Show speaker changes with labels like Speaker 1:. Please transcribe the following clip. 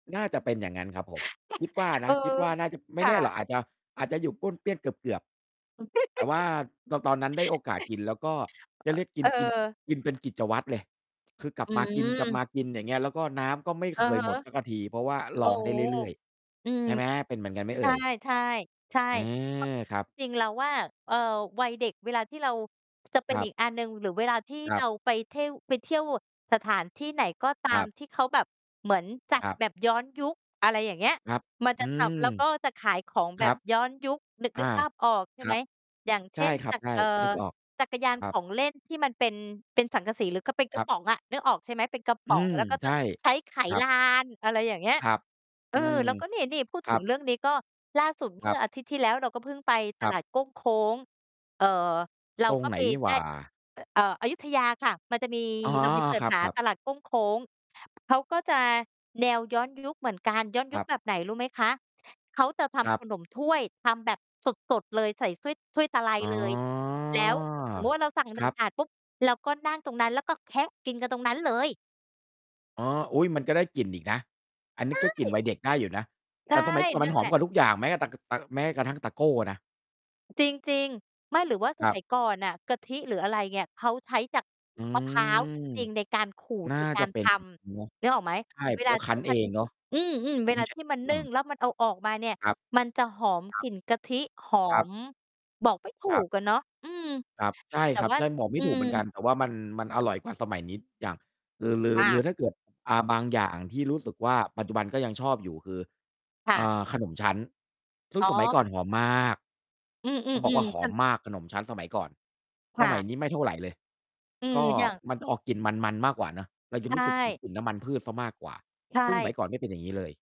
Speaker 1: น่าจะเป็นอย่างงั้นครับผม คิด ว่าน
Speaker 2: เอ
Speaker 1: ะ
Speaker 2: อ
Speaker 1: คิดว่าน่าจะ ไม
Speaker 2: ค
Speaker 1: ่แ
Speaker 2: ่
Speaker 1: น่หรอ
Speaker 2: ะ
Speaker 1: ก อาจจะ อาจจะอยู่ป้วนเปี้ยนเกือบ ๆ แต่ว่าตอน ตอนนั้น ได้โอกาสกิน แล้วก็ได้ เรียกกิ
Speaker 2: เ
Speaker 1: น กิน
Speaker 2: ออ
Speaker 1: กินเป็นกิจวัตรเลย คือกลั
Speaker 2: อ
Speaker 1: บมาก
Speaker 2: ืม
Speaker 1: ิน ๆ อย่างเงี้ย แล้วก็น้ำก็ไม่
Speaker 2: อื
Speaker 1: เค
Speaker 2: อฮ
Speaker 1: ยห
Speaker 2: ึ
Speaker 1: มดสักที เพราะว่า
Speaker 2: โ
Speaker 1: ร
Speaker 2: อ้
Speaker 1: อง
Speaker 2: โ
Speaker 1: ไ
Speaker 2: ฮ
Speaker 1: ด้เรื่อย
Speaker 2: อืม
Speaker 1: ๆ ใช่ไหม? เป็นเหมือนกันไหม
Speaker 2: ใ
Speaker 1: เ
Speaker 2: ช
Speaker 1: อ
Speaker 2: ่
Speaker 1: ่ย?
Speaker 2: ๆ ใช่
Speaker 1: เออ
Speaker 2: ก็
Speaker 1: ครับ
Speaker 2: จริงเราว่า เอ่อ วัยเด็กเวลาที่เรา จะเป็
Speaker 1: ค
Speaker 2: น
Speaker 1: รั
Speaker 2: อี
Speaker 1: บ
Speaker 2: กอันหนึ่ง หรือเวลาที่
Speaker 1: คร
Speaker 2: เ
Speaker 1: ั
Speaker 2: ร
Speaker 1: บ
Speaker 2: าไปเท่ว ไปเที่ยวสถานที่ไหนก็ ตา
Speaker 1: ครั
Speaker 2: ม
Speaker 1: บ
Speaker 2: ที่เขาแบบเหมือนจัด
Speaker 1: ครับ
Speaker 2: แบบย้อนยุค อะไรอย่างเงี้ย
Speaker 1: ครับ
Speaker 2: มัน
Speaker 1: อ
Speaker 2: จ
Speaker 1: ื
Speaker 2: ะท
Speaker 1: ม
Speaker 2: ำ แล้วก็จะขายของ
Speaker 1: ค
Speaker 2: แบ
Speaker 1: รั
Speaker 2: บ
Speaker 1: บ
Speaker 2: ย้อนยุค นึก
Speaker 1: อ
Speaker 2: นึ
Speaker 1: า
Speaker 2: กภาพออกใช่
Speaker 1: ค
Speaker 2: ไ
Speaker 1: ร
Speaker 2: ห
Speaker 1: ั
Speaker 2: ม?
Speaker 1: บ
Speaker 2: อย่าง เ
Speaker 1: ใ
Speaker 2: ช
Speaker 1: ช่
Speaker 2: ่น
Speaker 1: ครั
Speaker 2: จ
Speaker 1: บ
Speaker 2: ัก
Speaker 1: ใช่
Speaker 2: เอ่อ
Speaker 1: นึกออก
Speaker 2: จักรยา
Speaker 1: ค
Speaker 2: น
Speaker 1: รั
Speaker 2: ข
Speaker 1: บ
Speaker 2: องเล่นที่มันเป็น เป็นสังกะสี หรือ ค เป็นก
Speaker 1: ค
Speaker 2: ร
Speaker 1: ร
Speaker 2: ะ
Speaker 1: ับ
Speaker 2: ป๋องอะ นึกออกใช่มั้ย? เป็น กระป
Speaker 1: อื
Speaker 2: ๋อง
Speaker 1: ม
Speaker 2: แล้วก็
Speaker 1: ใช
Speaker 2: จะ
Speaker 1: ่
Speaker 2: ใช้ไข
Speaker 1: ครั
Speaker 2: ล
Speaker 1: บ
Speaker 2: าน อะไรอย่างเงี้ย
Speaker 1: ครับ
Speaker 2: เอ
Speaker 1: อื
Speaker 2: อ
Speaker 1: ม
Speaker 2: แล้วก็ นี่ ๆ พูด
Speaker 1: ค
Speaker 2: ถ
Speaker 1: รั
Speaker 2: ึง
Speaker 1: บ
Speaker 2: เรื่องนี้ก็ล่าสุดเม
Speaker 1: ค
Speaker 2: ื่
Speaker 1: รั
Speaker 2: อ
Speaker 1: บ
Speaker 2: อาทิตย์ที่แล้วเราก็เพิ่งไปต
Speaker 1: ครั
Speaker 2: ล
Speaker 1: บ
Speaker 2: าดโก้งโค้ง เอ่อ เรา
Speaker 1: ตรง
Speaker 2: ก็
Speaker 1: ไหน
Speaker 2: ไป
Speaker 1: ห
Speaker 2: ไ
Speaker 1: ว
Speaker 2: ด้
Speaker 1: ่า?
Speaker 2: เอ่อ อยุธยาค่ะ มันจะ มี
Speaker 1: อ๋อ
Speaker 2: ลองไปเซิร์
Speaker 1: ค
Speaker 2: ช
Speaker 1: ร
Speaker 2: หา
Speaker 1: ับ ๆ
Speaker 2: ตลาดโก้งโค้ง เขาก็จะแนว ย้อน ยุคเหมือนกัน ย้อน
Speaker 1: ค
Speaker 2: ยุ
Speaker 1: ร
Speaker 2: ค
Speaker 1: ับ
Speaker 2: แบบไหน รู้ไหมคะ? เขาจะท
Speaker 1: ครั
Speaker 2: ำข
Speaker 1: บ
Speaker 2: นมถ้วย ทำแบบสด ๆ เลย ใส่ถ้วย ถ้วย ตะไล
Speaker 1: อ๋อ
Speaker 2: เลย แล้ว สมมุติว่า เราสั่ง
Speaker 1: ค
Speaker 2: หนึ
Speaker 1: ร
Speaker 2: ่
Speaker 1: ั
Speaker 2: ง
Speaker 1: บ
Speaker 2: ถาดปุ๊บ เราก็นั่งตรงนั้น แล้วก็แคะกินกันตรงนั้นเลย
Speaker 1: อ๋อ อุ๊ย มันก็ได้กลิ่นอีกนะ อันน
Speaker 2: ใ
Speaker 1: ี
Speaker 2: ช
Speaker 1: ้ก็กลิ่นว
Speaker 2: ้
Speaker 1: ัยเด็กได้อยู่นะ
Speaker 2: ใช
Speaker 1: แต
Speaker 2: ่
Speaker 1: ่สมัยก่อนม
Speaker 2: น
Speaker 1: ั
Speaker 2: ั่
Speaker 1: น
Speaker 2: น
Speaker 1: ห
Speaker 2: แ
Speaker 1: อ
Speaker 2: หล
Speaker 1: ม
Speaker 2: ะ
Speaker 1: กว่าทุกอย่างไหมอะ? ตัก ก ตัก แม้กระทั่ง ตะโก้น่ะ
Speaker 2: จริง ๆ ไม่ หรือว่าส
Speaker 1: ครั
Speaker 2: มั
Speaker 1: บ
Speaker 2: ยก่อนน่ะ กะทิหรืออะไรเงี่ย เขาใช้จาก
Speaker 1: อื
Speaker 2: มะพร้าว
Speaker 1: ม
Speaker 2: จริง ๆ ในการขูด
Speaker 1: น่า
Speaker 2: ในกา
Speaker 1: จะ
Speaker 2: ร
Speaker 1: เป็
Speaker 2: ท
Speaker 1: น อย่างงั้นนะ
Speaker 2: ำ นึกออกไหม?
Speaker 1: ใช่
Speaker 2: เว
Speaker 1: เพร
Speaker 2: ล
Speaker 1: าะ
Speaker 2: า
Speaker 1: ว่า
Speaker 2: ท
Speaker 1: ค
Speaker 2: ี
Speaker 1: ั้
Speaker 2: ่
Speaker 1: นเ
Speaker 2: ม
Speaker 1: อ
Speaker 2: ัน
Speaker 1: งเนาะ
Speaker 2: อืม ๆ เว
Speaker 1: มี
Speaker 2: ลา
Speaker 1: ใช
Speaker 2: ท
Speaker 1: ้
Speaker 2: ี่มัน
Speaker 1: เครื่
Speaker 2: นึ
Speaker 1: อ
Speaker 2: ่ง
Speaker 1: ง
Speaker 2: แล้วมันเอาออกมาเนี่ย
Speaker 1: ครับ
Speaker 2: มันจะหอม
Speaker 1: คร
Speaker 2: ก
Speaker 1: ั
Speaker 2: ล
Speaker 1: บ
Speaker 2: ิ่นกะทิ หอ
Speaker 1: ครับ
Speaker 2: ม บอกไม่ถู
Speaker 1: ครั
Speaker 2: ก
Speaker 1: บ
Speaker 2: อะเนาะ อืม
Speaker 1: ครับ ใช่
Speaker 2: แต่
Speaker 1: ครับ
Speaker 2: ว่า
Speaker 1: ใช่ บอกไม
Speaker 2: อื
Speaker 1: ่ถูก
Speaker 2: ม
Speaker 1: เหมือนกัน แต่ว่ามัน มันอร่อยกว่าสมัยนี้ ด อย่าง หรือ หรือ
Speaker 2: มา
Speaker 1: หรื
Speaker 2: ก
Speaker 1: อ ถ้า เกิด อ่า บางอย่างที่รู้สึกว่า ปัจจุบันก็ยังชอบอยู่คือ
Speaker 2: ค่
Speaker 1: อ
Speaker 2: ะ
Speaker 1: ่า ขนมชั้น ซึ
Speaker 2: อ
Speaker 1: ่ง
Speaker 2: ๋
Speaker 1: สมัย
Speaker 2: อ
Speaker 1: ก่อนหอมมาก
Speaker 2: อือ ๆ
Speaker 1: ต้อง
Speaker 2: อ
Speaker 1: บอ
Speaker 2: ื
Speaker 1: ก
Speaker 2: อ
Speaker 1: ว่า ห
Speaker 2: ท
Speaker 1: อ
Speaker 2: ั
Speaker 1: ม
Speaker 2: น
Speaker 1: มากขนมชั้นสมัยก่อน
Speaker 2: ค
Speaker 1: ส
Speaker 2: ่
Speaker 1: มัย
Speaker 2: ะ
Speaker 1: นี้ไม่เท่าไรเลย
Speaker 2: อื
Speaker 1: ก
Speaker 2: ม
Speaker 1: ็
Speaker 2: อย่าง
Speaker 1: มันจะออกกลิ่นมัน ๆ มากกว่าเนาะ เราจ
Speaker 2: ใ
Speaker 1: ะ
Speaker 2: ช
Speaker 1: รู้สึก ถึ
Speaker 2: ่
Speaker 1: ง กลิ่นน้ำมันพืชเสียมากกว่า
Speaker 2: ใช
Speaker 1: ซึ่งหม
Speaker 2: ่
Speaker 1: ัยก่อนไม่เป็นอย่างงี้เลย